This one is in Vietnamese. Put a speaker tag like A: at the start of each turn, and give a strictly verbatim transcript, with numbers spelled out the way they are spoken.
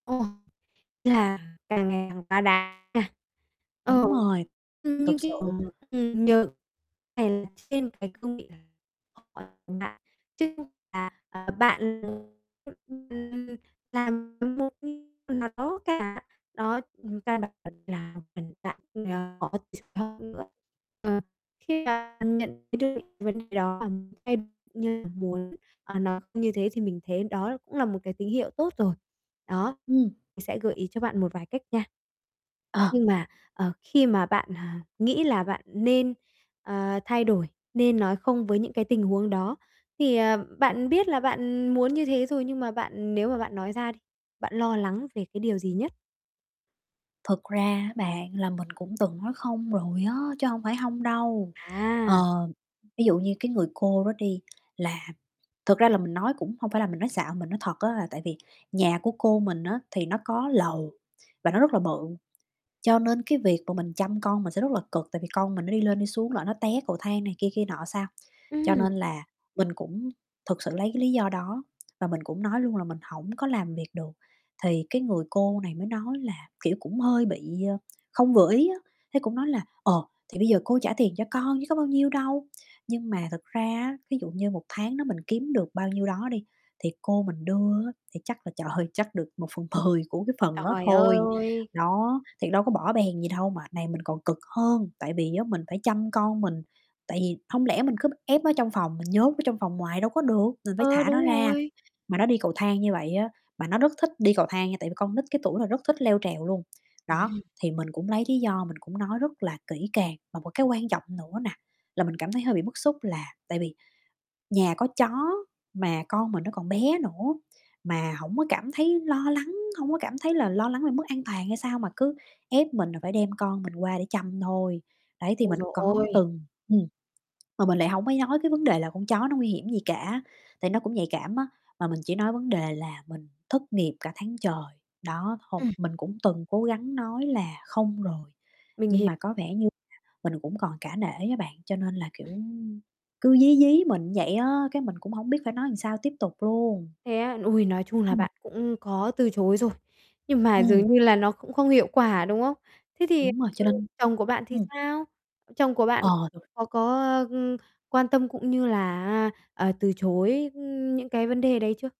A: Ồ, ý là càng ngày càng quá đáng nha. Ờ,
B: Đúng rồi.
A: ưm, như
B: Thực sự.
A: kiểu, ừm, nhờ phải là trên cái cương vị là [unintelligible] bạn, chứ không phải là, à, bạn, ưm, là một khi nào đó cả, đó, người ta [unintelligible] mình tại vì, à, họ ch [unintelligible] nữa. Ờ. Khi bạn nhận thấy dược vấn đề đó bạn thay cũng như là muốn, à, nó như thế thì mình thấy đó cũng là một cái tín hiệu tốt rồi. Đó,
B: Ừm.
A: thì sẽ gợi ý cho bạn một vài cách nha.
B: Ờ.
A: Nhưng mà, ờ, khi mà bạn, à, nghĩ là bạn nên, a, thay đổi, nên nói không với những cái tình huống đó, thì, à, bạn biết là bạn muốn như thế rồi nhưng mà bạn nếu mà bạn nói ra đi, bạn lo lắng về cái điều gì nhất?
B: Thực ra á bạn là mình cũng từng nói không rồi á, chứ hông phải hông đâu.
A: À.
B: Ờ, ví dụ như cái người cô đó đi là thực ra là mình nói cũng hông phải là mình nói xạo mình nói thật á là tại vì nhà của cô mình á thì nó có lầu và nó rất là bự, cho nên cái việc mà mình chăm con mình sẽ rất là cực tại vì con mình nó đi lên đi xuống lỡ nó té cầu thang này kia, kia nọ sao. Cho
A: Ừm.
B: nên là mình cũng thực sự lấy cái lý do đó và mình cũng nói luôn là mình hổng có làm việc được thì cái người cô này mới nói là, kiểu, cũng hơi bị, ơ, không vừa ý á, thế cũng nói là, ờ, "Thì bây giờ cô trả tiền cho con chứ có bao nhiêu đâu." Nhưng mà thực ra á ví dụ như một tháng đó mình kiếm được bao nhiêu đó đi thì cô mình đưa á thì chắc là, trời ơi, chắc được một phần mười của cái phần đó
A: Trời
B: thôi.
A: ơi.
B: Đó, thì đâu có bõ bèn gì đâu mà này mình còn cực hơn. Tại vì á mình phải chăm con mình, tại vì hông lẽ mình cứ ép nó trong phòng, mình nhốt ở trong phòng hoài đâu có được, mình phải
A: Ờ,
B: thả nó
A: đúng
B: ra,
A: rồi.
B: mà nó đi cầu thang như vậy á, mà nó rất thích đi cầu thang nha tại vì con nít cái tuổi nó rất thích leo trèo luôn. Đó,
A: Ừm.
B: thì mình cũng lấy lý do mình cũng nói rất là kỹ càng. Và một cái quan trọng nữa nà là mình cảm thấy hơi bị bức xúc là tại vì nhà có chó mà con mình nó còn bé nữa, mà hổng có cảm thấy lo lắng, hông có cảm thấy là lo lắng về mức an toàn hay sao mà cứ ép mình là phải đem con mình qua để chăm thôi. Đấy, thì
A: Ôi
B: mình
A: giời
B: có
A: ôi!
B: từng ừm, mà mình lại hông có nói cái vấn đề là con chó nó nguy hiểm gì cả, tại nó cũng nhạy cảm á, mà mình chỉ nói vấn đề là mình thất nghiệp cả tháng trời. Đó, hông
A: Ừm.
B: mình cũng từng cố gắng nói là không rồi,
A: Mình
B: nhưng
A: hiểu.
B: mà có vẻ như mình cũng còn cả nể á bạn, cho nên là, kiểu, cứ dí dí mình vậy á, cái mình cũng hổng biết phải nói sao tiếp tục luôn.
A: Thế á, ôi, nói chung là
B: Ừm.
A: bạn cũng có từ chối rồi, nhưng mà
B: Ừm.
A: dường như là nó cũng không hiệu quả, đúng không? Thế thì,
B: Đúng rồi, cho
A: ừm,
B: nên
A: chồng của bạn thì
B: ừm.
A: sao? Chồng của bạn
B: Ờ, rồi.
A: có có, a, ưm, quan tâm, cũng như là, a, à, từ chối, ưm, những cái vấn đề đấy chưa?